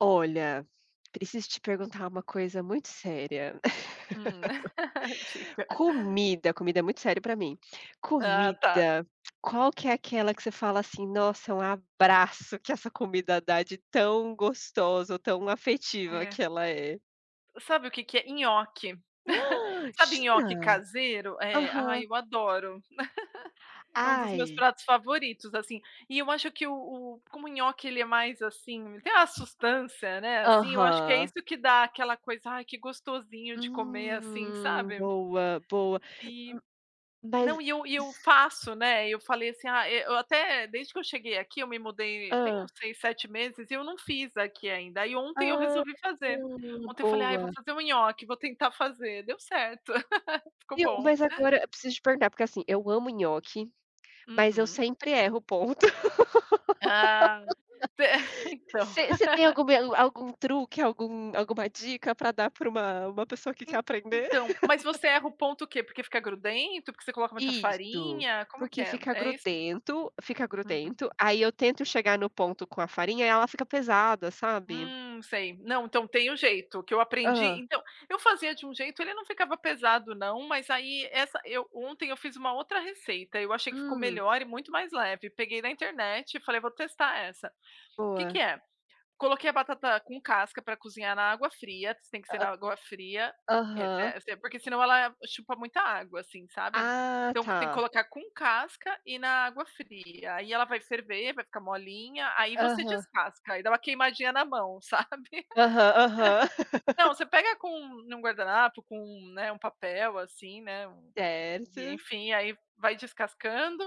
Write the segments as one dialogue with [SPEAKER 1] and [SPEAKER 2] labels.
[SPEAKER 1] Olha, preciso te perguntar uma coisa muito séria.
[SPEAKER 2] Hum, diga.
[SPEAKER 1] Comida, comida é muito sério para mim.
[SPEAKER 2] Ah, tá.
[SPEAKER 1] Comida, qual que é aquela que você fala assim: "Nossa, é um abraço que essa comida dá de tão gostosa ou tão afetiva
[SPEAKER 2] É.
[SPEAKER 1] que ela é."
[SPEAKER 2] Sabe o que que é? Nhoque.
[SPEAKER 1] Hã,
[SPEAKER 2] Sabe nhoque
[SPEAKER 1] jura?
[SPEAKER 2] caseiro? É. Ai,
[SPEAKER 1] Aham.
[SPEAKER 2] eu adoro. É um dos meus
[SPEAKER 1] Ai.
[SPEAKER 2] pratos favoritos, assim, e eu acho que o o como o nhoque, ele é mais, assim, tem uma sustância, né, assim, eu acho que é
[SPEAKER 1] Aham.
[SPEAKER 2] isso que dá aquela coisa: "Ai, que gostosinho de comer, assim,
[SPEAKER 1] Hum,
[SPEAKER 2] sabe."
[SPEAKER 1] boa boa,
[SPEAKER 2] E,
[SPEAKER 1] m mas
[SPEAKER 2] não, e eu e
[SPEAKER 1] iss
[SPEAKER 2] eu faço, né. E eu falei assim: "Ah, eh, eu até desde que eu cheguei aqui, eu me mudei, tem uns
[SPEAKER 1] Hã.
[SPEAKER 2] 6, 7 meses e eu não fiz aqui ainda." Aí ontem eu
[SPEAKER 1] Ah,
[SPEAKER 2] resolvi fazer. Ontem eu falei: "Ai, vou
[SPEAKER 1] boa!
[SPEAKER 2] fazer o nhoque, vou tentar fazer." Deu certo, ficou
[SPEAKER 1] Viu,
[SPEAKER 2] bom.
[SPEAKER 1] mas agora preciso te perguntar, porque assim, eu amo nhoque, mas eu
[SPEAKER 2] Uhum.
[SPEAKER 1] sempre erro o ponto.
[SPEAKER 2] Ah, de eh, então.
[SPEAKER 1] Você você tem alguma algum truque? Algum alguma dica para dar para uma uma pessoa que quer
[SPEAKER 2] En
[SPEAKER 1] aprender?
[SPEAKER 2] então, mas você erra o ponto o quê? Porque fica grudento, porque você coloca muita
[SPEAKER 1] Isso.
[SPEAKER 2] farinha, como que
[SPEAKER 1] Porque
[SPEAKER 2] é?
[SPEAKER 1] fica
[SPEAKER 2] É isso?
[SPEAKER 1] grudento fica
[SPEAKER 2] Uhum.
[SPEAKER 1] grudento. Aí eu tento chegar no ponto com a farinha e ela fica pesada, sabe?
[SPEAKER 2] Hum, sei, não, então tem o jeito que eu aprendi.
[SPEAKER 1] Hã.
[SPEAKER 2] Então, eu fazia de um jeito, ele não ficava pesado não, mas aí essa eu, ontem, eu fiz uma outra receita. Eu achei que ficou
[SPEAKER 1] Hum.
[SPEAKER 2] melhor e muito mais leve. Peguei na internet e falei: "Vou testar essa." Que que
[SPEAKER 1] Boa.
[SPEAKER 2] é; coloquei a batata com casca pra cozinhar na água fria, tem que ser na
[SPEAKER 1] Ah,
[SPEAKER 2] água fria, eh
[SPEAKER 1] aham.
[SPEAKER 2] eh, porque se não ela chupa muita água, assim, sabe.
[SPEAKER 1] Ah,
[SPEAKER 2] Então tem que
[SPEAKER 1] tá.
[SPEAKER 2] colocar com casca e na água fria. Aí ela vai ferver, vai ficar molinha. Aí você
[SPEAKER 1] Aham.
[SPEAKER 2] descasca, aí dá uma queimadinha na mão, sabe.
[SPEAKER 1] Aham, aham.
[SPEAKER 2] Não, você pega com num guardanapo com, né, um papel, assim, né, um e
[SPEAKER 1] Certo.
[SPEAKER 2] enfim, aí vai descascando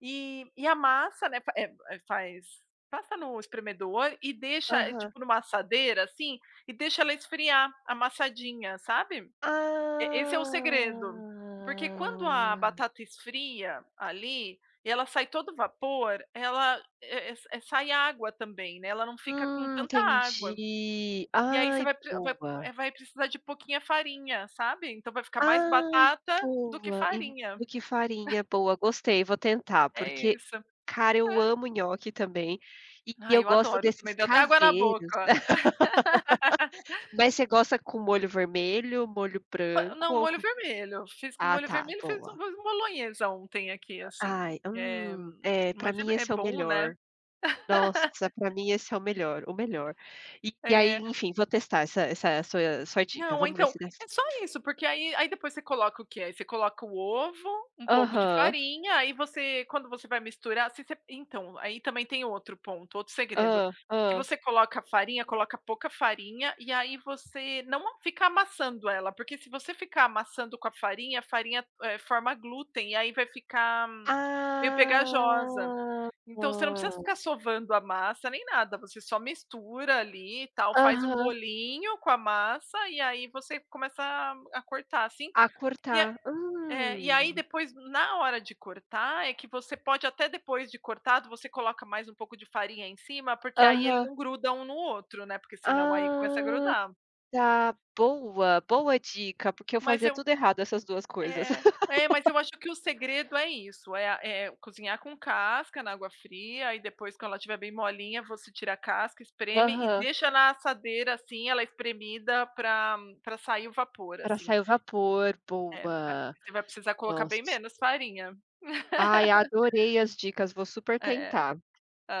[SPEAKER 2] e e a massa, né, eh, fa eh eh, faz, passa no espremedor e deixa, eh,
[SPEAKER 1] Aham.
[SPEAKER 2] tipo numa assadeira, assim, e deixa ela esfriar amassadinha, sabe? Eh, esse é o
[SPEAKER 1] Ah.
[SPEAKER 2] segredo, porque quando a batata esfria ali e ela sai todo vapor, ela eh eh eh, sai água também, né. Ela não fica com
[SPEAKER 1] Hum,
[SPEAKER 2] tanta água.
[SPEAKER 1] entendi!
[SPEAKER 2] E aí você
[SPEAKER 1] Ai,
[SPEAKER 2] vai pre vai,
[SPEAKER 1] boa.
[SPEAKER 2] eh, vai precisar de pouquinha farinha, sabe? Então vai ficar mais
[SPEAKER 1] Ai,
[SPEAKER 2] batata do que
[SPEAKER 1] boa, e
[SPEAKER 2] farinha.
[SPEAKER 1] e que farinha boa, gostei, vou tentar.
[SPEAKER 2] É
[SPEAKER 1] Porque,
[SPEAKER 2] isso,
[SPEAKER 1] cara, eu
[SPEAKER 2] é
[SPEAKER 1] amo nhoque também e
[SPEAKER 2] Ai,
[SPEAKER 1] eu
[SPEAKER 2] eu
[SPEAKER 1] gosto
[SPEAKER 2] adoro também,
[SPEAKER 1] desses
[SPEAKER 2] me deu até água na
[SPEAKER 1] caseiros.
[SPEAKER 2] boca.
[SPEAKER 1] Mas você gosta com molho vermelho, molho
[SPEAKER 2] Ah,
[SPEAKER 1] branco
[SPEAKER 2] não,
[SPEAKER 1] ou
[SPEAKER 2] molho
[SPEAKER 1] co
[SPEAKER 2] vermelho, fiz com
[SPEAKER 1] ah,
[SPEAKER 2] molho
[SPEAKER 1] tá,
[SPEAKER 2] vermelho e fiz um
[SPEAKER 1] boa.
[SPEAKER 2] molho bolonhesa ontem, aqui, assim,
[SPEAKER 1] Ai,
[SPEAKER 2] eh,
[SPEAKER 1] hum! É, para
[SPEAKER 2] mas
[SPEAKER 1] mim,
[SPEAKER 2] é é
[SPEAKER 1] esse é o
[SPEAKER 2] bom, né.
[SPEAKER 1] melhor. Nossa, pra mim, esse é o melhor o melhor. E aí,
[SPEAKER 2] Eh.
[SPEAKER 1] enfim, vou testar essa essa sua sua dica.
[SPEAKER 2] Não,
[SPEAKER 1] Vamos ver
[SPEAKER 2] então,
[SPEAKER 1] se dá
[SPEAKER 2] é só
[SPEAKER 1] certo.
[SPEAKER 2] isso, porque aí aí depois você coloca o que, eh, você coloca o ovo, um pouco de
[SPEAKER 1] Aham.
[SPEAKER 2] farinha, aí você quando você vai misturar, se você então, aí também tem outro ponto, outro segredo,
[SPEAKER 1] Hã
[SPEAKER 2] que
[SPEAKER 1] hã.
[SPEAKER 2] você coloca a farinha, coloca pouca farinha, e aí você não fica amassando ela, porque se você ficar amassando com a farinha, a farinha, eh, forma glúten e aí vai ficar meio pegajosa.
[SPEAKER 1] Ah!
[SPEAKER 2] Então você não precisa ficar
[SPEAKER 1] Boa.
[SPEAKER 2] sovando a massa nem nada. Você só mistura ali e tal, faz um
[SPEAKER 1] Aham.
[SPEAKER 2] bolinho com a massa e aí você começa a a cortar, assim,
[SPEAKER 1] A
[SPEAKER 2] e a
[SPEAKER 1] cortar,
[SPEAKER 2] é, e aí
[SPEAKER 1] hum.
[SPEAKER 2] depois, na hora de cortar é que você pode até depois de cortado, você coloca mais um pouco de farinha em cima, porque aí ele
[SPEAKER 1] Aham.
[SPEAKER 2] não gruda um no outro, né. Porque senão, aí começa a
[SPEAKER 1] Ah,
[SPEAKER 2] grudar.
[SPEAKER 1] tá. Boa boa dica, porque eu
[SPEAKER 2] Mas
[SPEAKER 1] fazia
[SPEAKER 2] eu
[SPEAKER 1] tudo errado, essas 2 coisas.
[SPEAKER 2] é é, mas eu acho que o segredo é isso, eh, a eh, cozinhar com casca, na água fria, aí depois, quando ela tiver bem molinha, você tira a casca, espreme e
[SPEAKER 1] Aham.
[SPEAKER 2] deixa na assadeira, assim, ela espremida pra pra sair o vapor,
[SPEAKER 1] Para
[SPEAKER 2] assim.
[SPEAKER 1] sair o vapor,
[SPEAKER 2] É,
[SPEAKER 1] boa!
[SPEAKER 2] você vai precisar colocar bem
[SPEAKER 1] Nossa.
[SPEAKER 2] menos farinha.
[SPEAKER 1] Ai, adorei as dicas. Vou super
[SPEAKER 2] É,
[SPEAKER 1] tentar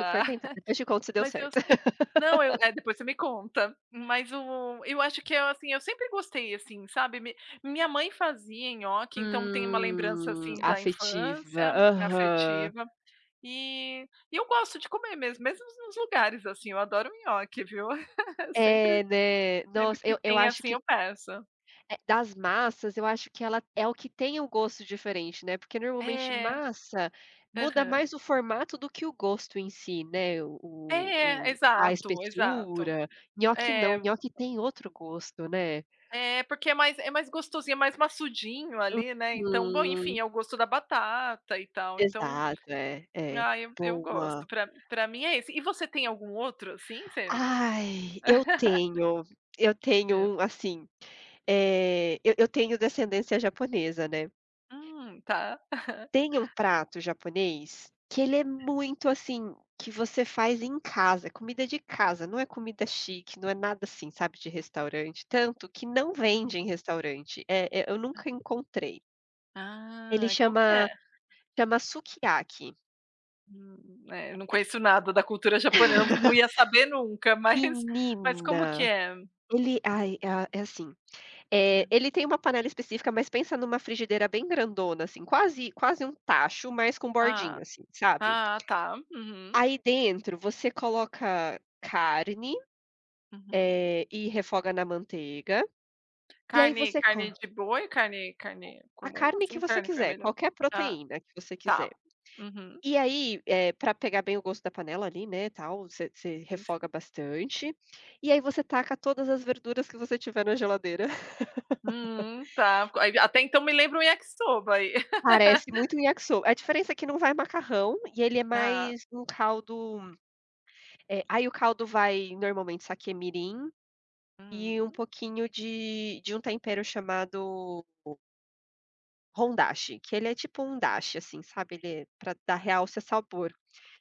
[SPEAKER 1] super tentar. Depois te conto se deu
[SPEAKER 2] mas eu
[SPEAKER 1] certo.
[SPEAKER 2] [unintelligible] não eu é, depois você me conta, mas o eu acho que é assim, eu sempre gostei, assim, sabe mi minha mãe fazia nhoque, então tem uma lembrança,
[SPEAKER 1] Hum,
[SPEAKER 2] assim, da
[SPEAKER 1] afetiva.
[SPEAKER 2] infância
[SPEAKER 1] Aham.
[SPEAKER 2] afetiva e e eu gosto de comer mesmo. Mesmo nos lugares, assim, eu adoro um nhoque, viu. Sempre
[SPEAKER 1] É, né.
[SPEAKER 2] sempre
[SPEAKER 1] Nossa,
[SPEAKER 2] que
[SPEAKER 1] eu eu
[SPEAKER 2] tem,
[SPEAKER 1] acho
[SPEAKER 2] assim,
[SPEAKER 1] que
[SPEAKER 2] eu peço.
[SPEAKER 1] eh, das massas, eu acho que ela é o que tem o gosto diferente, né. Porque normalmente
[SPEAKER 2] É.
[SPEAKER 1] massa muda
[SPEAKER 2] Aham.
[SPEAKER 1] mais o formato do que o gosto em si, né? O o
[SPEAKER 2] É,
[SPEAKER 1] o a
[SPEAKER 2] exato exato,
[SPEAKER 1] espessura nhoque
[SPEAKER 2] é.
[SPEAKER 1] não, nhoque tem outro gosto, né.
[SPEAKER 2] É, porque é mais é mais gostosinho, é mais massudinho ali, né. Então, bom,
[SPEAKER 1] Uhum.
[SPEAKER 2] enfim, é o gosto da batata e tal. Então,
[SPEAKER 1] Exato, é é.
[SPEAKER 2] ah, eu eu gosto,
[SPEAKER 1] Boa.
[SPEAKER 2] pra pra mim é esse. E você tem algum outro assim, você
[SPEAKER 1] Ai, eu tenho! Eu
[SPEAKER 2] É.
[SPEAKER 1] tenho assim, eh, eu eu tenho descendência japonesa, né.
[SPEAKER 2] Hum, tá.
[SPEAKER 1] Tem um prato japonês, que ele é muito assim, que você faz em casa, comida de casa, não é comida chique, não é nada assim, sabe, de restaurante, tanto que não vende em
[SPEAKER 2] Uhum.
[SPEAKER 1] restaurante, eh eh, eu
[SPEAKER 2] Hã.
[SPEAKER 1] nunca encontrei. Ele
[SPEAKER 2] Ah, qual que
[SPEAKER 1] chama
[SPEAKER 2] é?
[SPEAKER 1] Tamasukiaki.
[SPEAKER 2] Hum é, eu não
[SPEAKER 1] É e
[SPEAKER 2] conheço nada da cultura japonesa, eu não ia saber nunca, mas mas como que
[SPEAKER 1] Menina,
[SPEAKER 2] é?
[SPEAKER 1] ele aí, ah, é assim, eh,
[SPEAKER 2] Hã.
[SPEAKER 1] ele tem uma panela específica, mas pensa numa frigideira bem grandona, assim, quase quase um tacho, mas com
[SPEAKER 2] Ah
[SPEAKER 1] bordinha, assim, sabe.
[SPEAKER 2] ah, tá, uhum.
[SPEAKER 1] Aí dentro você coloca carne,
[SPEAKER 2] Uhum.
[SPEAKER 1] eh, e refoga na manteiga, e aí
[SPEAKER 2] Carne,
[SPEAKER 1] você co
[SPEAKER 2] carne de boi? Carne
[SPEAKER 1] O
[SPEAKER 2] carne
[SPEAKER 1] A
[SPEAKER 2] comum,
[SPEAKER 1] carne que
[SPEAKER 2] assim,
[SPEAKER 1] você
[SPEAKER 2] carne
[SPEAKER 1] quiser,
[SPEAKER 2] vermelha?
[SPEAKER 1] qualquer
[SPEAKER 2] Tá,
[SPEAKER 1] proteína que você
[SPEAKER 2] tá
[SPEAKER 1] quiser.
[SPEAKER 2] uhum.
[SPEAKER 1] E aí, eh, pra pegar bem o gosto da panela ali, né, tal você você refoga
[SPEAKER 2] Enfim.
[SPEAKER 1] bastante, e aí você taca todas as verduras que você tiver na geladeira.
[SPEAKER 2] Hum, tá co aí, até então me lembra o Yakisoba aí.
[SPEAKER 1] Parece muito um Yakisoba, a diferença é que não vai macarrão e ele é
[SPEAKER 2] Ah.
[SPEAKER 1] mais um caldo eh, aí o caldo vai normalmente saque mirim e um
[SPEAKER 2] Hum.
[SPEAKER 1] pouquinho de de um tempero chamado o hondashi que ele é tipo um dashi, assim, sabe, ele é pra dar
[SPEAKER 2] Aham.
[SPEAKER 1] realce ao sabor.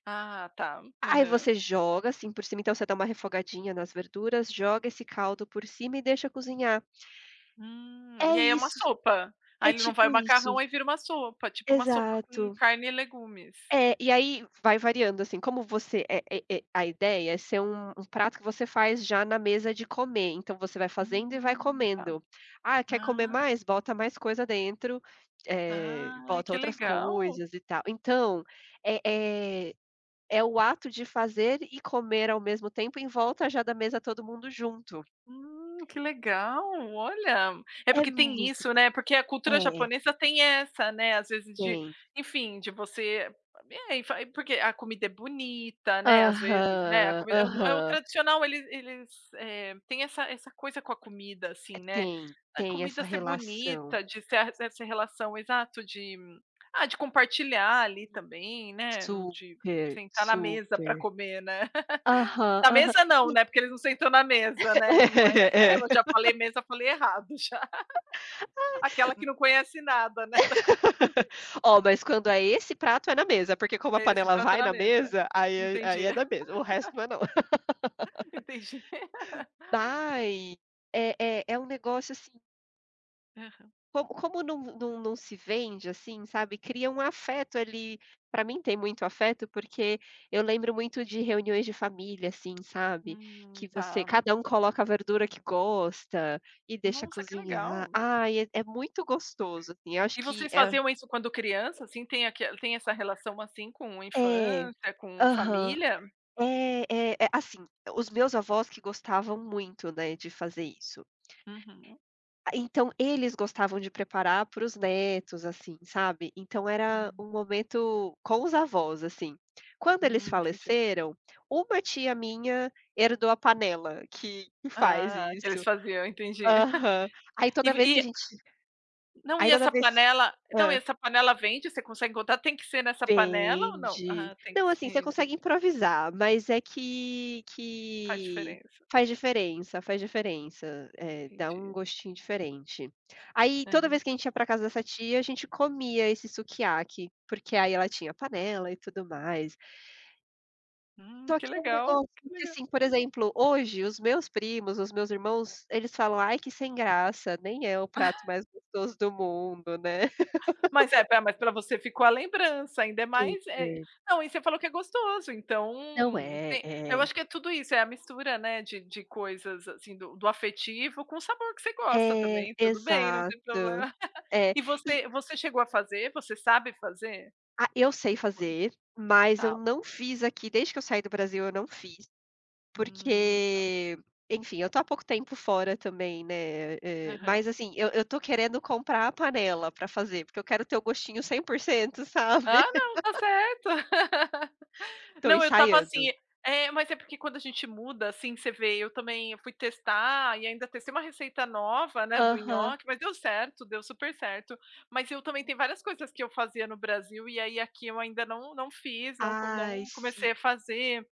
[SPEAKER 2] Ah, tá.
[SPEAKER 1] Aí
[SPEAKER 2] Aham.
[SPEAKER 1] você joga, assim, por cima, então você dá uma refogadinha nas verduras, joga esse caldo por cima e deixa cozinhar.
[SPEAKER 2] Hum.
[SPEAKER 1] É
[SPEAKER 2] E aí é uma
[SPEAKER 1] isso,
[SPEAKER 2] sopa?
[SPEAKER 1] é
[SPEAKER 2] Aí ele não vai
[SPEAKER 1] tipo
[SPEAKER 2] o
[SPEAKER 1] isso.
[SPEAKER 2] macarrão, aí vira uma sopa, tipo uma sopa com
[SPEAKER 1] Exato.
[SPEAKER 2] carne e legumes.
[SPEAKER 1] É e aí vai variando, assim, como você é é e e a ideia é ser um um prato que você faz já na mesa de comer. Então, você vai fazendo e vai
[SPEAKER 2] Hum, tá.
[SPEAKER 1] comendo, "Ah, quer comer
[SPEAKER 2] Ah.
[SPEAKER 1] mais.", bota mais coisa dentro, eh,
[SPEAKER 2] Ah,
[SPEAKER 1] bota
[SPEAKER 2] que
[SPEAKER 1] outras
[SPEAKER 2] legal.
[SPEAKER 1] coisas e tal. Então é é é o ato de fazer e comer ao mesmo tempo em volta já da mesa todo mundo junto.
[SPEAKER 2] Hum, que legal, olha, é
[SPEAKER 1] É
[SPEAKER 2] porque tem
[SPEAKER 1] muito
[SPEAKER 2] isso,
[SPEAKER 1] bom,
[SPEAKER 2] né, porque a cultura
[SPEAKER 1] é.
[SPEAKER 2] japonesa tem essa, né, às vezes, de,
[SPEAKER 1] Sim.
[SPEAKER 2] enfim, de você m bem e fa porque a comida é bonita, né, às vezes, né, a
[SPEAKER 1] Aham,
[SPEAKER 2] comida é o é o
[SPEAKER 1] aham.
[SPEAKER 2] tradicional, eles eles, eh, tem essa essa coisa com a comida,
[SPEAKER 1] É
[SPEAKER 2] assim, né.
[SPEAKER 1] tem
[SPEAKER 2] Da
[SPEAKER 1] tem
[SPEAKER 2] comida
[SPEAKER 1] essa
[SPEAKER 2] ser
[SPEAKER 1] relação.
[SPEAKER 2] bonita, de ser a essa relação exato de ah, de compartilhar ali também, né, não de
[SPEAKER 1] Super,
[SPEAKER 2] sentar na mesa pra
[SPEAKER 1] super.
[SPEAKER 2] comer, né.
[SPEAKER 1] Aham,
[SPEAKER 2] Na
[SPEAKER 1] aham,
[SPEAKER 2] mesa, não,
[SPEAKER 1] e
[SPEAKER 2] né, porque eles não sentam na mesa, né, não é,
[SPEAKER 1] É, é.
[SPEAKER 2] eu já falei mesa, falei errado, já.
[SPEAKER 1] Ai,
[SPEAKER 2] Aquela que
[SPEAKER 1] m
[SPEAKER 2] não conhece nada, né, da cultura.
[SPEAKER 1] Ó, mas quando é esse prato é na mesa, porque como a
[SPEAKER 2] É esse
[SPEAKER 1] panela
[SPEAKER 2] prato
[SPEAKER 1] vai
[SPEAKER 2] na
[SPEAKER 1] na
[SPEAKER 2] mesa.
[SPEAKER 1] mesa, aí é aí
[SPEAKER 2] Entendi.
[SPEAKER 1] é na mesa, o resto não é não.
[SPEAKER 2] Entendi.
[SPEAKER 1] Vai é é é um negócio, assim
[SPEAKER 2] Aham.
[SPEAKER 1] Com como não não não se vende, assim, sabe, cria um afeto ali pra mim tem muito afeto, porque eu lembro muito de reuniões de família, assim, sabe,
[SPEAKER 2] Hum,
[SPEAKER 1] que você
[SPEAKER 2] tá.
[SPEAKER 1] cada um coloca a verdura que gosta e deixa
[SPEAKER 2] Nossa, que
[SPEAKER 1] cozinhar.
[SPEAKER 2] legal.
[SPEAKER 1] Ai é é muito gostoso, assim, eu acho
[SPEAKER 2] E
[SPEAKER 1] que
[SPEAKER 2] vocês
[SPEAKER 1] é
[SPEAKER 2] faziam isso quando criança, assim, tem aque tem essa relação, assim, com
[SPEAKER 1] É,
[SPEAKER 2] infância, com
[SPEAKER 1] aham.
[SPEAKER 2] família?
[SPEAKER 1] É, é, assim, os meus avós que gostavam muito, né, de fazer isso.
[SPEAKER 2] Uhum.
[SPEAKER 1] A Então eles gostavam de preparar para os netos, assim, sabe, então era
[SPEAKER 2] Uhum.
[SPEAKER 1] um momento com os avós, assim. Quando eles
[SPEAKER 2] Hum, entendi.
[SPEAKER 1] faleceram, uma tia minha herdou a panela que que faz
[SPEAKER 2] Ah, que eles
[SPEAKER 1] isso
[SPEAKER 2] faziam, entendi.
[SPEAKER 1] aham. Aí
[SPEAKER 2] E
[SPEAKER 1] toda
[SPEAKER 2] v
[SPEAKER 1] vez que a
[SPEAKER 2] e
[SPEAKER 1] gente
[SPEAKER 2] não,
[SPEAKER 1] aí
[SPEAKER 2] e
[SPEAKER 1] toda
[SPEAKER 2] essa
[SPEAKER 1] vez
[SPEAKER 2] panela não, e
[SPEAKER 1] hã?
[SPEAKER 2] essa panela vende, você consegue encontrar? Tem que ser nessa panela ou não?
[SPEAKER 1] Vende,
[SPEAKER 2] Ah, tem que
[SPEAKER 1] não,
[SPEAKER 2] ser,
[SPEAKER 1] assim, você consegue
[SPEAKER 2] entendi.
[SPEAKER 1] improvisar, mas é que
[SPEAKER 2] Faz
[SPEAKER 1] que
[SPEAKER 2] diferença.
[SPEAKER 1] faz diferença, faz diferença, eh, dá um
[SPEAKER 2] Entendi.
[SPEAKER 1] gostinho diferente. Aí toda
[SPEAKER 2] Aham.
[SPEAKER 1] vez que a gente ia pra casa dessa tia, a gente comia esse Sukiyaki, porque aí ela tinha a panela e tudo mais.
[SPEAKER 2] Hum,
[SPEAKER 1] Só
[SPEAKER 2] que
[SPEAKER 1] que um
[SPEAKER 2] legal,
[SPEAKER 1] negócio
[SPEAKER 2] que
[SPEAKER 1] que
[SPEAKER 2] legal.
[SPEAKER 1] assim, por exemplo, hoje os meus primos, os meus irmãos, eles falam: "Ai, que sem graça, nem é o prato mais gostoso do mundo, né".
[SPEAKER 2] Mas é, espera, mas pra você ficou a lembrança, ainda é mais, é e
[SPEAKER 1] Super.
[SPEAKER 2] não, e você falou que é gostoso, então
[SPEAKER 1] Não, é.
[SPEAKER 2] tem eu
[SPEAKER 1] É.
[SPEAKER 2] acho que é tudo isso, é a mistura, né, de de coisas, assim, do do afetivo com o sabor que você gosta
[SPEAKER 1] É,
[SPEAKER 2] também, tudo bem, não tem
[SPEAKER 1] exato.
[SPEAKER 2] problema
[SPEAKER 1] É.
[SPEAKER 2] e
[SPEAKER 1] E
[SPEAKER 2] você você chegou a fazer, você sabe fazer?
[SPEAKER 1] Ah, eu sei fazer, mas eu
[SPEAKER 2] Tá.
[SPEAKER 1] não fiz aqui, desde que eu saí do Brasil, eu não fiz,
[SPEAKER 2] Hum.
[SPEAKER 1] porque, enfim, eu tô há pouco tempo fora também, né, eh,
[SPEAKER 2] Aham.
[SPEAKER 1] mas assim, eu eu tô querendo comprar a panela pra fazer, porque eu quero ter o gostinho 100%,
[SPEAKER 2] Ah,
[SPEAKER 1] sabe.
[SPEAKER 2] não, tá certo.
[SPEAKER 1] Tô
[SPEAKER 2] Não, eu estava assim,
[SPEAKER 1] ensaiando.
[SPEAKER 2] eh, mas é porque quando a gente muda, assim, você vê, eu também, eu fui testar e ainda testei uma receita nova, né, do
[SPEAKER 1] Aham.
[SPEAKER 2] nhoque, mas deu certo, deu super certo. Mas eu também, tem várias coisas que eu fazia no Brasil e aí aqui eu ainda não não fiz, não co não
[SPEAKER 1] Ai, sim.
[SPEAKER 2] comecei a fazer.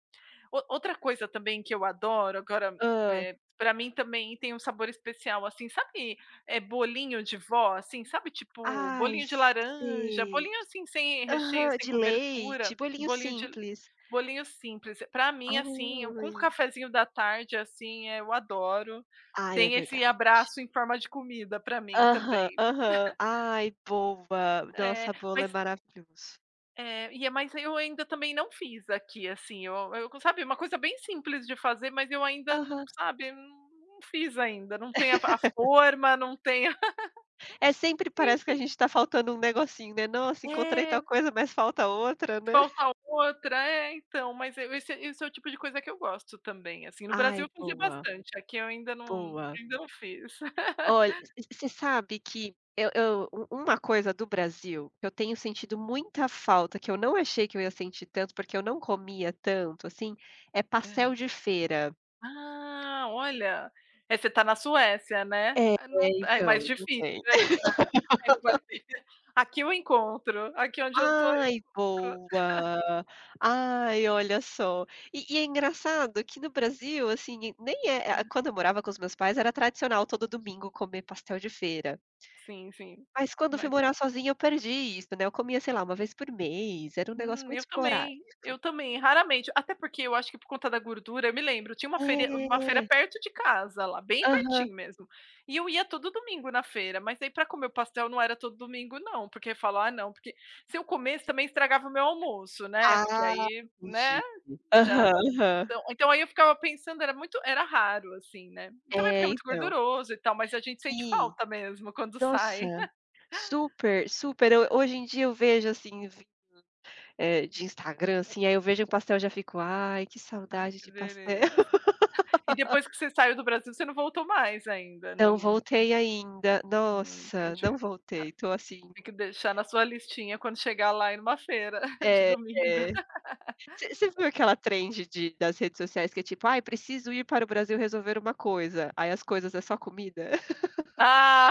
[SPEAKER 2] O outra coisa também que eu adoro, agora,
[SPEAKER 1] Hã.
[SPEAKER 2] eh, pra mim também tem um sabor especial, assim. Sabe, eh, bolinho de vó, assim, sabe, tipo
[SPEAKER 1] Ai,
[SPEAKER 2] bolinho de laranja,
[SPEAKER 1] sei.
[SPEAKER 2] bolinho assim, sem recheio,
[SPEAKER 1] Aham,
[SPEAKER 2] sem
[SPEAKER 1] de leite,
[SPEAKER 2] cobertura,
[SPEAKER 1] bolinho
[SPEAKER 2] bolinho de
[SPEAKER 1] simples.
[SPEAKER 2] bolinho simples. Pra mim, assim, com o
[SPEAKER 1] Ai.
[SPEAKER 2] cafezinho da tarde, assim, eh, eu adoro,
[SPEAKER 1] Ai, é
[SPEAKER 2] tem esse
[SPEAKER 1] verdade.
[SPEAKER 2] abraço em forma de comida para mim
[SPEAKER 1] Aham,
[SPEAKER 2] também.
[SPEAKER 1] aham. Ai, boa.
[SPEAKER 2] É,
[SPEAKER 1] Nossa, bolo é
[SPEAKER 2] mas
[SPEAKER 1] maravilhoso.
[SPEAKER 2] É, e mas aí, eu ainda também não fiz aqui, assim, eu eu c sabe, uma coisa bem simples de fazer, mas eu ainda não,
[SPEAKER 1] Aham.
[SPEAKER 2] sabe, não não fiz ainda, não tem a a forma, não tem a
[SPEAKER 1] É, sempre parece que a
[SPEAKER 2] Enfim.
[SPEAKER 1] gente está faltando um negocinho, né. "Nossa, encontrei tal
[SPEAKER 2] É.
[SPEAKER 1] coisa, mas falta outra, né".
[SPEAKER 2] Falta outra. É, então, mas é esse esse é o tipo de coisa que eu gosto também, assim. No Brasil
[SPEAKER 1] Ai,
[SPEAKER 2] eu fazia
[SPEAKER 1] boa.
[SPEAKER 2] bastante, aqui eu ainda não
[SPEAKER 1] Boa.
[SPEAKER 2] ainda não fiz.
[SPEAKER 1] Olh v você sabe que eu eu u uma coisa do Brasil que eu tenho sentido muita falta, que eu não achei que eu ia sentir tanto, porque eu não comia tanto assim, é
[SPEAKER 2] É, né.
[SPEAKER 1] pastel de feira.
[SPEAKER 2] Ah, olha. É, você está na Suécia, né.
[SPEAKER 1] É,
[SPEAKER 2] Eh, não tá é, mais
[SPEAKER 1] então, não
[SPEAKER 2] difícil
[SPEAKER 1] tem.
[SPEAKER 2] [unintelligible] aqui eu encontro. Aqui onde eu estou
[SPEAKER 1] Ai,
[SPEAKER 2] encontro.
[SPEAKER 1] boa. Ai, olha só. E e é engraçado que no Brasil, assim, nem é ah ah,
[SPEAKER 2] Ah.
[SPEAKER 1] quando eu morava com os meus pais, era tradicional todo domingo comer pastel de feira.
[SPEAKER 2] Sim, sim.
[SPEAKER 1] Mas quando eu fui
[SPEAKER 2] Mas
[SPEAKER 1] morar sozinha, eu perdi isso, né. Eu comia, sei lá, 1 vez por mês, era um negócio
[SPEAKER 2] Hum,
[SPEAKER 1] muito
[SPEAKER 2] eu também.
[SPEAKER 1] esporádico.
[SPEAKER 2] Eu também, raramente. Até porque, eu acho que por conta da gordura eu me lembro, tinha uma feiri uma feira
[SPEAKER 1] É.
[SPEAKER 2] perto de casa, lá, bem
[SPEAKER 1] Aham.
[SPEAKER 2] pertinho mesmo, e eu ia todo domingo na feira, mas aí, pra comer o pastel, não era todo domingo não, porque falo: "Ah não, porque" se eu comesse também estragava o meu almoço, né, porque
[SPEAKER 1] Ah,
[SPEAKER 2] aí, né,
[SPEAKER 1] [unintelligible]
[SPEAKER 2] já
[SPEAKER 1] aham, aham.
[SPEAKER 2] então então aí eu ficava pensando, era muito era raro, assim, né. Também porque
[SPEAKER 1] É,
[SPEAKER 2] é muito
[SPEAKER 1] então.
[SPEAKER 2] gorduroso, e tal, mas a gente sente
[SPEAKER 1] Sim.
[SPEAKER 2] falta mesmo, quando
[SPEAKER 1] Nossa,
[SPEAKER 2] sai.
[SPEAKER 1] super, super. Eu hoje em dia eu vejo, assim, ví eh, de Instagram, assim, aí eu vejo um pastel, já fico: "Ai, que
[SPEAKER 2] Ah,
[SPEAKER 1] saudade
[SPEAKER 2] que
[SPEAKER 1] de pastel".
[SPEAKER 2] beleza. E depois que você saiu do Brasil, você não voltou mais ainda, não
[SPEAKER 1] Não
[SPEAKER 2] não
[SPEAKER 1] voltei ainda.
[SPEAKER 2] Hum,
[SPEAKER 1] Nossa, não
[SPEAKER 2] entendi.
[SPEAKER 1] voltei, estou assim
[SPEAKER 2] Tem que deixar na sua listinha, quando chegar lá e numa feira de
[SPEAKER 1] É,
[SPEAKER 2] domingo.
[SPEAKER 1] é. V você viu aquela trend de das redes sociais, que é tipo: "Ai, preciso ir para o Brasil resolver uma coisa", aí as coisas é só comida.
[SPEAKER 2] Ah!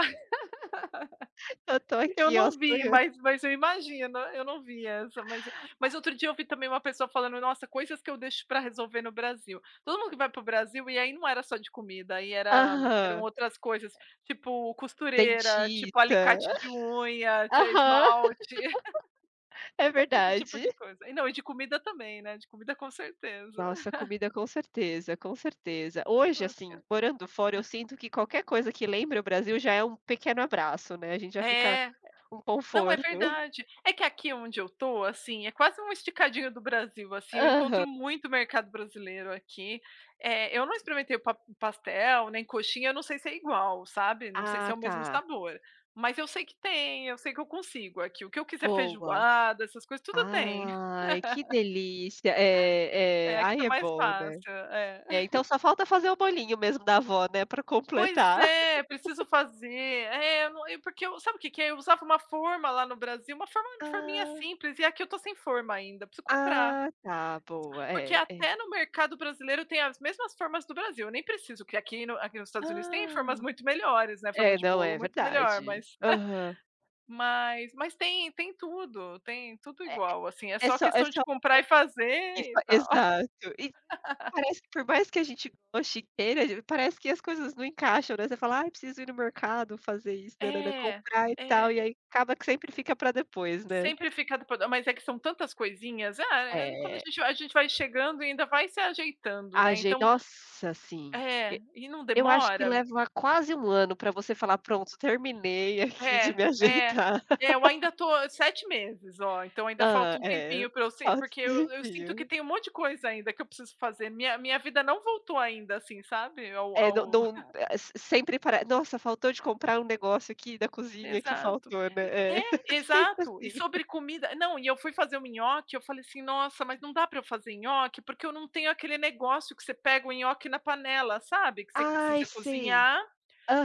[SPEAKER 1] Eu estou
[SPEAKER 2] Eu
[SPEAKER 1] aqui, ó,
[SPEAKER 2] não vi,
[SPEAKER 1] sonhan
[SPEAKER 2] mas mas eu imagino. Eu não vi essa, mas mas outro dia eu vi também uma pessoa falando: "Nossa, coisas que eu deixo para resolver no Brasil". Todo mundo que vai para o Brasil e aí não era só de comida, aí era eram
[SPEAKER 1] Aham.
[SPEAKER 2] outras coisas, tipo, costureira,
[SPEAKER 1] Dentista.
[SPEAKER 2] tipo, alicate de unha,
[SPEAKER 1] Aham.
[SPEAKER 2] t esmalte,
[SPEAKER 1] É
[SPEAKER 2] esse tipo
[SPEAKER 1] verdade.
[SPEAKER 2] de coisa. E não, e de comida também, né, de comida com certeza.
[SPEAKER 1] Nossa, comida, com certeza, com certeza.
[SPEAKER 2] Eu
[SPEAKER 1] Hoje,
[SPEAKER 2] acho que
[SPEAKER 1] assim,
[SPEAKER 2] é
[SPEAKER 1] morando fora, eu sinto que qualquer coisa que lembra o Brasil já é um pequeno abraço, né, a gente já fica
[SPEAKER 2] É.
[SPEAKER 1] um
[SPEAKER 2] Não, é
[SPEAKER 1] conforto.
[SPEAKER 2] verdade. É que aqui onde eu estou, assim, é quase uma esticadinho do Brasil, assim, eu encontro
[SPEAKER 1] Aham.
[SPEAKER 2] muito mercado brasileiro aqui. Eh, eu não experimentei o pa pastel, nem coxinha, eu não sei se é igual, sabe, não sei se é
[SPEAKER 1] Ah,
[SPEAKER 2] o mesmo
[SPEAKER 1] tá.
[SPEAKER 2] sabor. Mas eu sei que tem, eu sei que eu consigo aqui o que eu quiser,
[SPEAKER 1] Boa.
[SPEAKER 2] feijoada, essas coisas, tudo tem.
[SPEAKER 1] Ai, que delícia. É,
[SPEAKER 2] É,
[SPEAKER 1] é,
[SPEAKER 2] aqui tá
[SPEAKER 1] aí é
[SPEAKER 2] mais
[SPEAKER 1] bom, né.
[SPEAKER 2] fácil, é.
[SPEAKER 1] É, então só falta fazer o bolinho mesmo da avó, né, para
[SPEAKER 2] Pois
[SPEAKER 1] completar.
[SPEAKER 2] é, preciso fazer. É, eu não porque eu sabe o que que é, eu usava uma forma lá no Brasil, uma forma forminha
[SPEAKER 1] Ah.
[SPEAKER 2] simples, e aqui eu estou sem forma ainda, preciso comprar.
[SPEAKER 1] Ah, tá, boa,
[SPEAKER 2] Porque
[SPEAKER 1] é, é.
[SPEAKER 2] até no mercado brasileiro tem as mesmas formas do Brasil, eu nem preciso que aqui no aqui nos Estados Unidos tem formas
[SPEAKER 1] Ah.
[SPEAKER 2] muito melhores, né, forma
[SPEAKER 1] É,
[SPEAKER 2] de
[SPEAKER 1] não,
[SPEAKER 2] bolo
[SPEAKER 1] é
[SPEAKER 2] muito melhor,
[SPEAKER 1] verdade.
[SPEAKER 2] mas
[SPEAKER 1] Aham.
[SPEAKER 2] Mas mas tem tem tudo, tem tudo
[SPEAKER 1] É
[SPEAKER 2] igual, assim, é
[SPEAKER 1] é é
[SPEAKER 2] só
[SPEAKER 1] só é
[SPEAKER 2] questão
[SPEAKER 1] só
[SPEAKER 2] de comprar e fazer,
[SPEAKER 1] e
[SPEAKER 2] e
[SPEAKER 1] faz
[SPEAKER 2] tal.
[SPEAKER 1] exato. E parece que por mais que a gente goste e queira, parece que as coisas não encaixam, né, você fala: "Ai, eu preciso ir no mercado fazer isso, nã nã nã,
[SPEAKER 2] É.
[SPEAKER 1] comprar, e
[SPEAKER 2] É.
[SPEAKER 1] tal", e aí acaba que sempre fica para depois, né.
[SPEAKER 2] Sempre fica [unintelligible] mas é que são tantas coisinhas. Ah, eh, quando a
[SPEAKER 1] É.
[SPEAKER 2] gente vai a gente vai chegando e ainda vai se ajeitando, né,
[SPEAKER 1] Ajei
[SPEAKER 2] então
[SPEAKER 1] nossa, assim,
[SPEAKER 2] é,
[SPEAKER 1] e
[SPEAKER 2] e não
[SPEAKER 1] eu acho que
[SPEAKER 2] demora.
[SPEAKER 1] leva quase 1 ano para você falar: "Pronto, terminei aqui de
[SPEAKER 2] É.
[SPEAKER 1] me
[SPEAKER 2] É.
[SPEAKER 1] ajeitar.
[SPEAKER 2] É, eu ainda estou 7 meses, ó, então ainda falta
[SPEAKER 1] Hã,
[SPEAKER 2] um
[SPEAKER 1] é,
[SPEAKER 2] tempinho pra eu se
[SPEAKER 1] falta
[SPEAKER 2] porque
[SPEAKER 1] um
[SPEAKER 2] eu eu sinto que
[SPEAKER 1] tempinho.
[SPEAKER 2] tem um monte de coisa ainda, que eu preciso fazer, minha minha vida não voltou ainda, assim, sabe, ao
[SPEAKER 1] Eh, não
[SPEAKER 2] ao
[SPEAKER 1] não eh, se sempre para "Nossa, faltou de comprar um negócio aqui da cozinha que
[SPEAKER 2] Exato.
[SPEAKER 1] faltou",
[SPEAKER 2] N
[SPEAKER 1] né. É.
[SPEAKER 2] é,
[SPEAKER 1] Sempre
[SPEAKER 2] exato. E
[SPEAKER 1] assim.
[SPEAKER 2] sobre comida não, e eu fui fazer um nhoque, eu falei assim: "Nossa, mas não dá para eu fazer nhoque, porque eu não tenho aquele negócio que você pega o nhoque na panela", sabe, que s se
[SPEAKER 1] Ai,
[SPEAKER 2] você
[SPEAKER 1] sei.
[SPEAKER 2] cozinhar,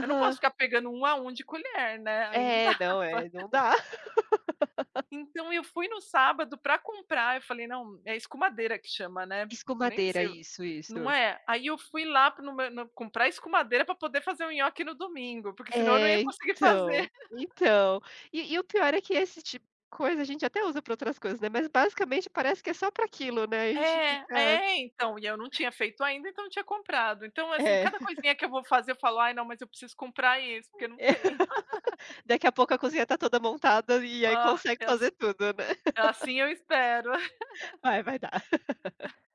[SPEAKER 2] eu não posso ficar pegando 1 a 1 de colher, né, aí não
[SPEAKER 1] É, não,
[SPEAKER 2] dava.
[SPEAKER 1] é, não dá.
[SPEAKER 2] Então eu fui no sábado para comprar, eu falei: "Não" é escumadeira que chama, né. Eu nem
[SPEAKER 1] Escumadeira.
[SPEAKER 2] sei o
[SPEAKER 1] Isso,
[SPEAKER 2] não
[SPEAKER 1] isso.
[SPEAKER 2] é. Aí eu fui lá no m no comprar escumadeira pra poder fazer o nhoque no domingo, porque senão eu não ia
[SPEAKER 1] É,
[SPEAKER 2] conseguir fazer.
[SPEAKER 1] então, então. E e o pior é que esse ti coisa a gente até usa para outras coisas, né, mas basicamente parece que é só pra aquilo, né, a gente
[SPEAKER 2] É.
[SPEAKER 1] fica
[SPEAKER 2] É, então, e eu não tinha feito ainda, então não tinha comprado. Então assim,
[SPEAKER 1] É.
[SPEAKER 2] cada coisinha que eu vou fazer, eu falo: "Ai não, mas eu preciso comprar isso, porque eu não
[SPEAKER 1] É.
[SPEAKER 2] tem.
[SPEAKER 1] Daqui a pouco a cozinha está toda montada e aí
[SPEAKER 2] Ah,
[SPEAKER 1] consegue
[SPEAKER 2] é ass
[SPEAKER 1] fazer tudo, né.
[SPEAKER 2] assim eu espero.
[SPEAKER 1] Vai, vai dar.